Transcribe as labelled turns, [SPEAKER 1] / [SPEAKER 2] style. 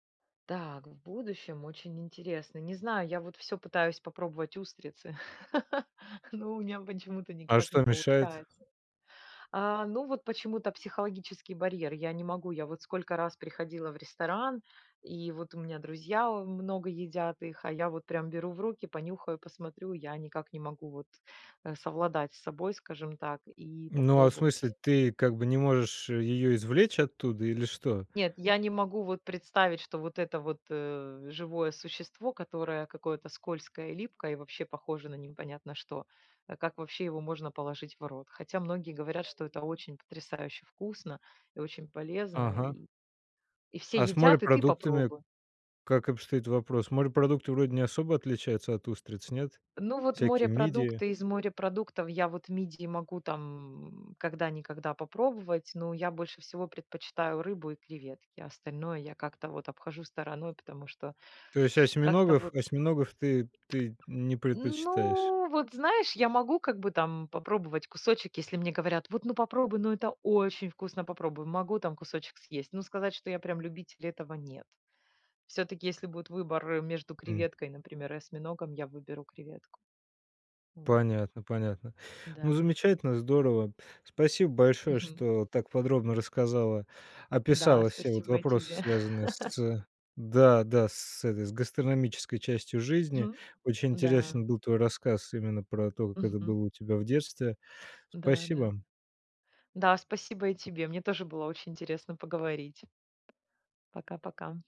[SPEAKER 1] Так, в будущем очень интересно. Не знаю, я вот всё пытаюсь попробовать устрицы, но у меня почему-то
[SPEAKER 2] А
[SPEAKER 1] никак не
[SPEAKER 2] что мешает?
[SPEAKER 1] получается. А, ну вот почему-то психологический барьер. Я не могу, я вот сколько раз приходила в ресторан и вот у меня друзья, э, много едят их, а я вот прям беру в руки, понюхаю, посмотрю, я никак не могу вот, э, совладать с собой, скажем так, и
[SPEAKER 2] Ну, а в
[SPEAKER 1] попробовать.
[SPEAKER 2] смысле, ты как бы не можешь ее извлечь оттуда или что?
[SPEAKER 1] Нет, я не могу вот представить, что вот это вот, э, живое существо, которое какое-то скользкое и липкое, и, вообще, похоже на непонятно что, э, как вообще его можно положить в рот. Хотя многие говорят, что это очень потрясающе вкусно и очень полезно
[SPEAKER 2] Ага.
[SPEAKER 1] и и все
[SPEAKER 2] А с
[SPEAKER 1] едят и ты
[SPEAKER 2] морепродуктами,
[SPEAKER 1] попробуй.
[SPEAKER 2] как обстоит вопрос? Морепродукты вроде не особо отличаются от устриц, нет?
[SPEAKER 1] Ну, вот
[SPEAKER 2] Всякие мидии.
[SPEAKER 1] морепродукты, из морепродуктов я вот мидии могу там, м, когда-никогда попробовать, но я больше всего предпочитаю рыбу и креветки, остальное я как-то вот обхожу стороной, потому что
[SPEAKER 2] То есть
[SPEAKER 1] как-то
[SPEAKER 2] осьминогов
[SPEAKER 1] вот.
[SPEAKER 2] осьминогов ты ты не предпочитаешь?
[SPEAKER 1] Ну, вот знаешь, я могу как бы там попробовать кусочек, если мне говорят: "Вот, ну попробуй, это очень вкусно, попробуй." Могу там кусочек съесть. Но сказать, что я прям любитель- этого нет. Всё-таки, если будет выбор, э, между
[SPEAKER 2] М.
[SPEAKER 1] креветкой например и осьминогом, я выберу креветку. Вот.
[SPEAKER 2] Понятно, понятно. Ну,
[SPEAKER 1] Да.
[SPEAKER 2] замечательно, здорово. Спасибо большое,
[SPEAKER 1] Мгм.
[SPEAKER 2] что так подробно рассказала,
[SPEAKER 1] Да,
[SPEAKER 2] описала все вот
[SPEAKER 1] спасибо и
[SPEAKER 2] вопросы,
[SPEAKER 1] тебе.
[SPEAKER 2] связанные с да, да, с этой, с гастрономической частью жизни.
[SPEAKER 1] Мгм.
[SPEAKER 2] Очень
[SPEAKER 1] Да.
[SPEAKER 2] интересен был твой рассказ именно про то, как это
[SPEAKER 1] Мгм.
[SPEAKER 2] было у тебя в детстве.
[SPEAKER 1] Да-да.
[SPEAKER 2] Спасибо.
[SPEAKER 1] Да, спасибо и тебе. Мне тоже было очень интересно поговорить. Пока-пока.